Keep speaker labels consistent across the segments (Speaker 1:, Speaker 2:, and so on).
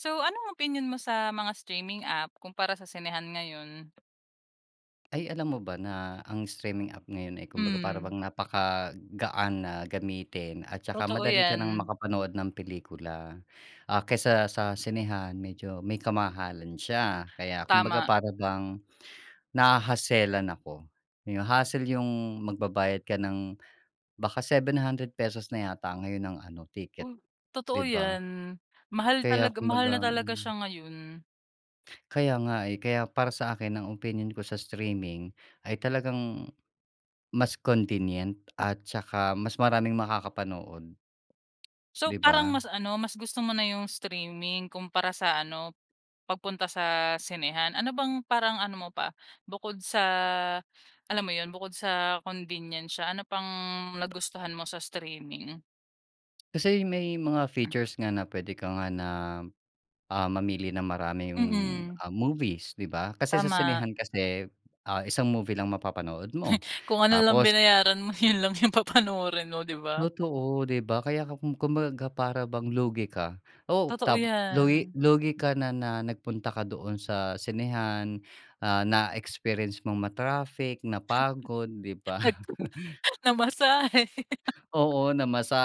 Speaker 1: So, anong opinyon mo sa mga streaming app kumpara sa sinehan ngayon?
Speaker 2: Ay, alam mo ba na ang streaming app ngayon, eh, kumbaga para
Speaker 1: Hmm.
Speaker 2: bang napakagaan na gamitin at tsaka
Speaker 1: Totoo
Speaker 2: madali ka nang
Speaker 1: yan.
Speaker 2: makapanood ng pelikula. Ah, kaysa sa sinehan medyo may kamahalan siya kaya kumbaga
Speaker 1: Tama.
Speaker 2: para bang nahahaselan ako yo hassle yung magbabayad ka ng baka ₱700 na yata ngayon ang ano ticket,
Speaker 1: Uy! Totoo
Speaker 2: 'di ba?
Speaker 1: 'yan mahal
Speaker 2: Kaya
Speaker 1: talaga mahal na
Speaker 2: kumbaga
Speaker 1: talaga
Speaker 2: hmm.
Speaker 1: siya ngayon.
Speaker 2: Kaya nga, eh, kaya para sa akin ang opinyon ko sa streaming ay talagang mas convenient at tsaka mas maraming makakapanood.
Speaker 1: So,
Speaker 2: 'Di
Speaker 1: parang
Speaker 2: ba?
Speaker 1: mas ano, mas gusto mo na yung streaming kumpara sa ano pagpunta sa sinehan. Ano bang parang ano mo pa bukod sa alam mo yun bukod sa convenience siya ano pang nagustuhan mo sa streaming?
Speaker 2: Kasi may mga features nga na puwede ka nga na, ah, mamili ng maraming,
Speaker 1: Mm.
Speaker 2: um, movies, 'di ba? Kasi sa
Speaker 1: Tama.
Speaker 2: sinehan kasi, ah, isang movie lang mapapanood mo
Speaker 1: Kung ano lang
Speaker 2: tapos
Speaker 1: binayaran mo yun lang yung papanoorin mo, 'di ba?
Speaker 2: Totoo, 'di ba, kaya ka kum kumbaga ga para bang lugi ka. Oh,
Speaker 1: Totoo
Speaker 2: tap lugi
Speaker 1: 'yan.
Speaker 2: lugi ka na na nagpunta ka doon sa sinehan, ah, na-experience mong ma-traffic, napagod, 'di ba?
Speaker 1: Nag namasahe
Speaker 2: Oo,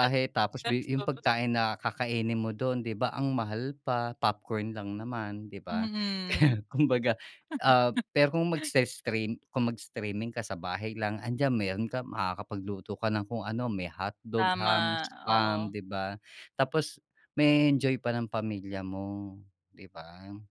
Speaker 1: gat
Speaker 2: tapos big yung
Speaker 1: gastos.
Speaker 2: pagkain na kakainin mo do'n, 'di ba, ang mahal pa popcorn lang naman, 'di ba?
Speaker 1: Mm.
Speaker 2: Kaya, kumbaga, ah pero kung magse-stream kung mag-streaming ka sa bahay lang andiyan meron ka makakapagluto ka ng kung ano, may hotdog, ham,
Speaker 1: Tama,
Speaker 2: spam,
Speaker 1: oo.
Speaker 2: 'di ba? Tapos ma-e-enjoy pa ng pamilya mo, 'di ba?